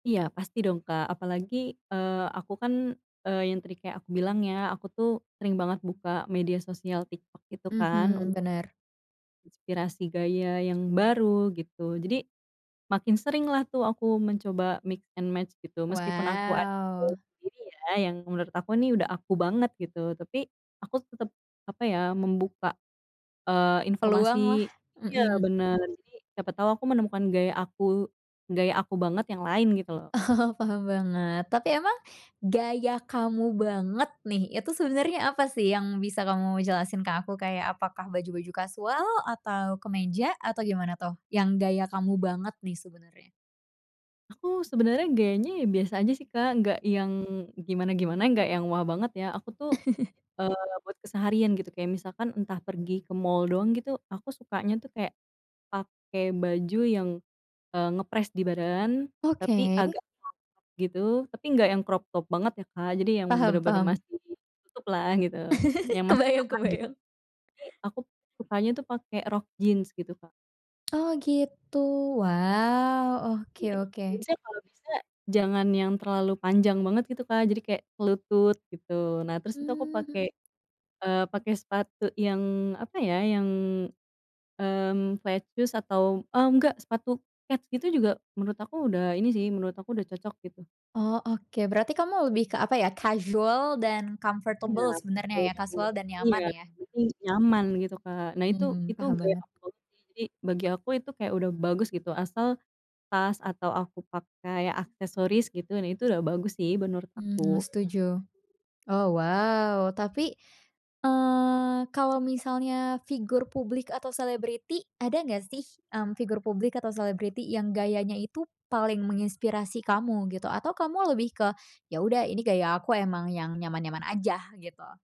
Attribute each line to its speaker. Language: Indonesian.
Speaker 1: Iya, pasti dong Kak, apalagi, eee, aku kan, eee, yang tadi kayak aku bilang ya, aku tuh sering banget buka media sosial TikTok, gitu kan.
Speaker 2: Mhm,
Speaker 1: Untuk
Speaker 2: benar.
Speaker 1: inspirasi gaya yang baru gitu. Jadi, makin sering lah tuh aku mencoba mix and match gitu, meskipun aku ada gaya
Speaker 2: Wow.
Speaker 1: sendiri ya, yang menurut aku ini udah aku banget gitu. Tapi, aku tetap, apa ya, membuka, eee,
Speaker 2: Peluang lah
Speaker 1: informasi iya
Speaker 2: mhm.
Speaker 1: benar, jadi siapa tahu aku menemukan gaya aku gaya aku banget yang lain, gitu loh.
Speaker 2: Oh oh, paham banget, tapi emang gaya kamu banget nih. Itu sebenarnya apa sih yang bisa kamu jelasin ke aku kayak, apakah baju-baju kasual atau kemeja? Atau gimana tuh, yang gaya kamu banget nih ,sebenarnya?
Speaker 1: Aku, sebenarnya gayanya ya biasa aja sih Kak nggak yang gimana-gimana, nggak yang wah banget ya, aku tuh, eee, buat keseharian gitu, kayak misalkan entah pergi ke mall doang gitu. Aku sukanya tuh kayak, pakai baju yang, e ngepress di badan tapi
Speaker 2: Oke.
Speaker 1: agak crop top gitu, tapi enggak yang crop top banget ya Kak, jadi yang
Speaker 2: Paham
Speaker 1: benar-benar
Speaker 2: paham.
Speaker 1: masih nutup lah gitu, yang masih
Speaker 2: Kebayang
Speaker 1: aman gitu.
Speaker 2: kebayang.
Speaker 1: Tapi, aku tuh sukanya tuh pakai rok jeans gitu Kak.
Speaker 2: Oh gitu, wow, oke
Speaker 1: Jadi rok
Speaker 2: oke.
Speaker 1: jeansnya kalau bisa, jangan yang terlalu panjang banget gitu Kak, jadi kayak se lutut gitu. Nah terus itu aku
Speaker 2: Mmm
Speaker 1: pakai,
Speaker 2: mhm.
Speaker 1: eee, pakai sepatu yang, apa ya, yang, mmm, flat shoes atau mmm enggak sepatu kets gitu, juga menurut aku udah ini sih, menurut aku udah cocok gitu.
Speaker 2: Oh, oke, berarti kamu lebih ke, apa ya, kasual dan
Speaker 1: Iya,
Speaker 2: comfortable sebenernya
Speaker 1: betul
Speaker 2: ya,
Speaker 1: banget
Speaker 2: kasual dan
Speaker 1: iya,
Speaker 2: nyaman ya?
Speaker 1: yang penting nyaman gitu Kak. Nah itu
Speaker 2: Mmm,
Speaker 1: itu
Speaker 2: paham
Speaker 1: gaya
Speaker 2: banget.
Speaker 1: aku banget sih, jadi bagi aku itu kayak udah bagus gitu, asal tas atau aku pakai aksesoris gitu, nah itu udah bagus sih menurut
Speaker 2: Mmm,
Speaker 1: aku.
Speaker 2: setuju, oh, wow. Tapi, eee, kalau misalnya figur publik atau selebriti, ada nggak sih, m figur publik atau selebriti yang gayanya itu paling menginspirasi kamu gitu? Atau, kamu lebih ke, "Ya udah, ini gaya aku emang yang nyaman-nyaman aja," gitu.